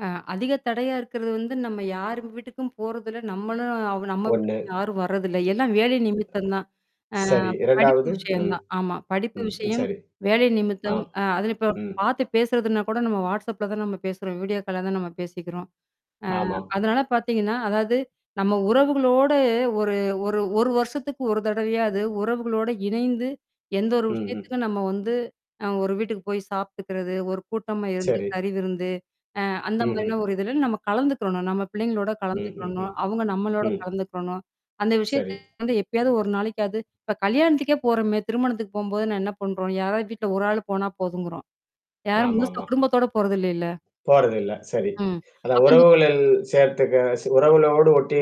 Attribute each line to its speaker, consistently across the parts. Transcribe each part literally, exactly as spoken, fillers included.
Speaker 1: அ அதிக தடையா இருக்கிறது வந்து நம்ம யாரு வீட்டுக்கும் போறதில்ல, நம்மளும் அவ நம்ம
Speaker 2: ஒண்ணு.
Speaker 1: வீட்டுக்கும் யாரும் வரதில்ல, எல்லாம் வேலை நிமித்தம் தான். அ
Speaker 2: சரி,
Speaker 1: படிப்பு
Speaker 2: இரண்டாவது
Speaker 1: விஷயம்
Speaker 2: ம்.
Speaker 1: தான், ஆமா. படிப்பு
Speaker 2: ம்.
Speaker 1: விஷயம்,
Speaker 2: சரி.
Speaker 1: வேலை
Speaker 2: ஆ.
Speaker 1: நிமித்தம், அ அதில இப்ப
Speaker 2: ம்.
Speaker 1: பார்த்து பேசுறதுனா கூட நம்ம Whatsappல தான் நம்ம பேசுறோம், வீடியோ கால்ல தான் நம்ம பேசிக்கிறோம். அ
Speaker 2: ஆமாம்.
Speaker 1: அதனால பாத்தீங்கன்னா, அதாவது நம்ம உறவுகளோட ஒரு ஒரு ஒரு வருஷத்துக்கு ஒரு தடவையாது உறவுகளோடு இணைந்து, எந்த ஒரு
Speaker 2: ம், ம்.
Speaker 1: விஷயத்துக்கும் நம்ம வந்து அ ஒரு வீட்டுக்கு போய் சாப்பி்டுக்கிறது, ஒரு கூட்டமா இருந்து
Speaker 2: சரி.
Speaker 1: கறிவிருந்து, அ அந்த
Speaker 2: ம்ஹ்ம்.
Speaker 1: மாரியான ஒரு இதுல நம்ம கலந்துக்கிறணும், நம்ம பிள்ளைங்களோட
Speaker 2: ம், ம்,
Speaker 1: கலந்துக்கிறணும்,
Speaker 2: ம்.
Speaker 1: அவுங்க நம்மளோட
Speaker 2: ம்.
Speaker 1: கலந்துக்கிறணும். அந்த விஷயத்த
Speaker 2: சரி.
Speaker 1: வந்து எப்பயாவது ஒரு நாளைக்காவது இப்ப கல்யாணத்துக்கே போறோமே, திருமணத்துக்கு போம்போது நான் என்ன பண்றோம்? யாராவது வீட்ல ஒரு ஆள் போனா போதுங்கறோம். யாரும் முழுசா
Speaker 2: ஆமாமா.
Speaker 1: குடும்பத்தோட போறதில்லைல?
Speaker 2: போறதில்ல, சரி.
Speaker 1: ம்.
Speaker 2: அதான்
Speaker 1: அப்பந்த
Speaker 2: உறவுகளில் சேர்த்துக்க உறவுகளோடு ஒட்டி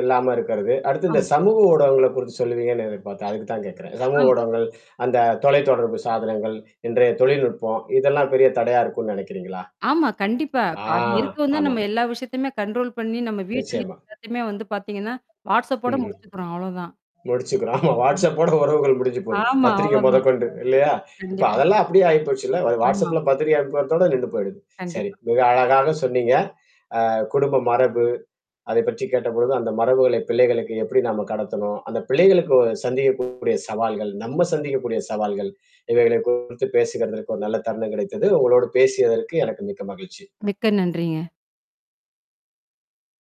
Speaker 2: இல்லாம இருக்கிறது, அடுத்து இந்த
Speaker 1: ஆமா.
Speaker 2: சமூக ஊடகங்கள குறித்து சொல்லுவீங்கன்னு எதிர்பார்த்தேன், அதுக்கு தான் கேக்கறேன். சமூக
Speaker 1: ஆம்.
Speaker 2: ஊடகங்கள், அந்த தொலைத்தொடர்பு சாதனங்கள், இன்றைய தொழில்நுட்பம், இதெல்லாம் பெரிய தடையா இருக்கும்ன்னு நெனைக்கிறீங்களா?
Speaker 1: ஆமா, கண்டிப்பா.
Speaker 2: ஆ,
Speaker 1: அது இருக்கவும் தான் நம்ம
Speaker 2: ஆமாம்.
Speaker 1: எல்லா விஷயத்தையுமே கண்ட்ரோல் பண்ணி நம்ம வீட்லயே
Speaker 2: நிச்சயமா.
Speaker 1: எல்லாத்தியுமே வந்து பாத்தீங்கன்னா WhatsApp ஓட
Speaker 2: ம்ஹ்ம்.
Speaker 1: முடிச்சுக்கறோம், அவ்ளோதான்.
Speaker 2: முடிச்சுக்கிறோம் ஆமா,
Speaker 1: ம்.
Speaker 2: WhatsApp ஓட உறவுகள் முடிஞ்சு போது,
Speaker 1: ஆமா,
Speaker 2: பத்திரிக்க
Speaker 1: அவ்ளோதான்.
Speaker 2: மொதற்கொண்டு இல்லையா? இப்ப
Speaker 1: கண்டிப்பா.
Speaker 2: அதெல்லாம் அப்படியியே ஆயிப்போச்சுல்ல
Speaker 1: ஆமா.
Speaker 2: WhatsAppல பத்திரிக்கை அனுப்புறதோட நின்னு போயிடுது. சரி,
Speaker 1: கண்டிப்பா.
Speaker 2: மிக அழகாக சொன்னீங்க, அ குடும்ப மரபு, அதை பற்றி கேட்டபொழுது அந்த மரபுகளை பிள்ளைகளுக்கு எப்படி நாம கடத்தணும்? அந்த பிள்ளைகளுக்கு சந்திக்கக்கூடிய சவால்கள், நம்ம சந்திக்கக்கூடிய சவால்கள், இவைகளை குறித்து பேசுகிறதற்கு ஒரு நல்ல தருணம் கிடைத்தது. உங்களோடு பேசியதற்கு எனக்கு மிக்க மகிழ்ச்சி.
Speaker 1: மிக்க நன்றிங்க.